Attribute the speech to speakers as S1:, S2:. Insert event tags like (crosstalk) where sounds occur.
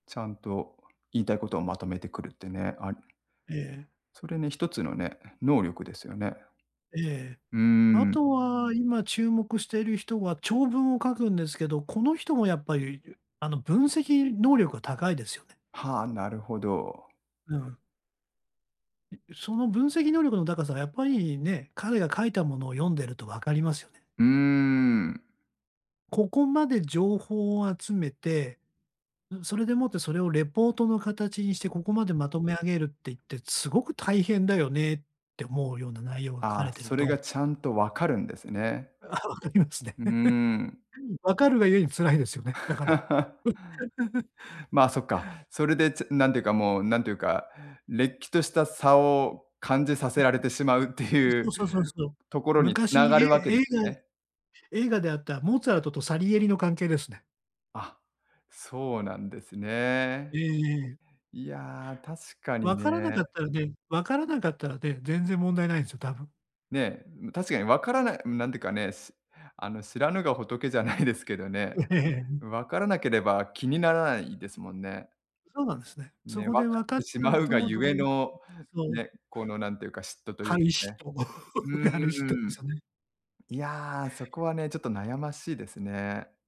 S1: ちゃんと言いたいことをまとめてくるってね、あ
S2: ええ。
S1: それね、一つのね、能力ですよね。
S2: ええ。
S1: うー
S2: あ
S1: ん。
S2: とは今注目している人は長文を書くんですけど、この人もやっぱり、ゆあの、分析能力が高いですよね。
S1: はあ、なるほど。
S2: うん。いその分析能力の高さ、やっぱり、ね、彼が書いたものを読んでると分かりますよね。
S1: うーん。
S2: ここまで情報を集めて、ん、それでもってそれをレポートの形にしてここまでまとめ上げるって言って、すごく大変だよねって思うような内容が書か
S1: ああ、
S2: れてる
S1: それ
S2: と
S1: がちゃんとわかるんですね。
S2: ああ、分かりますね。
S1: うーん。
S2: (chuckles) 分かるが故に辛いですよね。だから。
S1: (laughs)
S2: (laughs)
S1: まあ、そっか。それで、ちぇなんていうかもう、なんていうか、れっきとした差を感じさせられてしまうって
S2: (chuckles)
S1: い
S2: そ
S1: う
S2: うそうそうそう。
S1: ところにつ
S2: 昔、
S1: なが
S2: いえ
S1: るわけで
S2: 映
S1: す
S2: 画
S1: ね。
S2: 映画であったモーツァルトとサリエリの関係ですね。
S1: あ、そうなんです
S2: え
S1: ね。
S2: えええ。
S1: いや、確かに
S2: 分
S1: ね。
S2: からなかったらね分からなかったらね、全然問題ないんすよ、多分。
S1: ね、ん、確かにわからないなんてかね、すあの、知らぬが仏じゃないですけどね、
S2: ええ、ん。
S1: うん、分からなければ気にならないですもんね。
S2: そうなんですね。そ
S1: ね、分
S2: こ
S1: か
S2: で分
S1: っ
S2: かっ
S1: て
S2: ち
S1: し
S2: ゃ
S1: ま
S2: う
S1: うが
S2: と
S1: ゆ
S2: ど
S1: え
S2: うして
S1: の、
S2: そう。
S1: ね、このなんていうか、嫉妬という、
S2: (unintelligible)
S1: ね。
S2: と、
S1: うー
S2: (laughs) がる人の
S1: ん。
S2: 差ね。
S1: いや、そこはね、ちょっと悩ましいですね。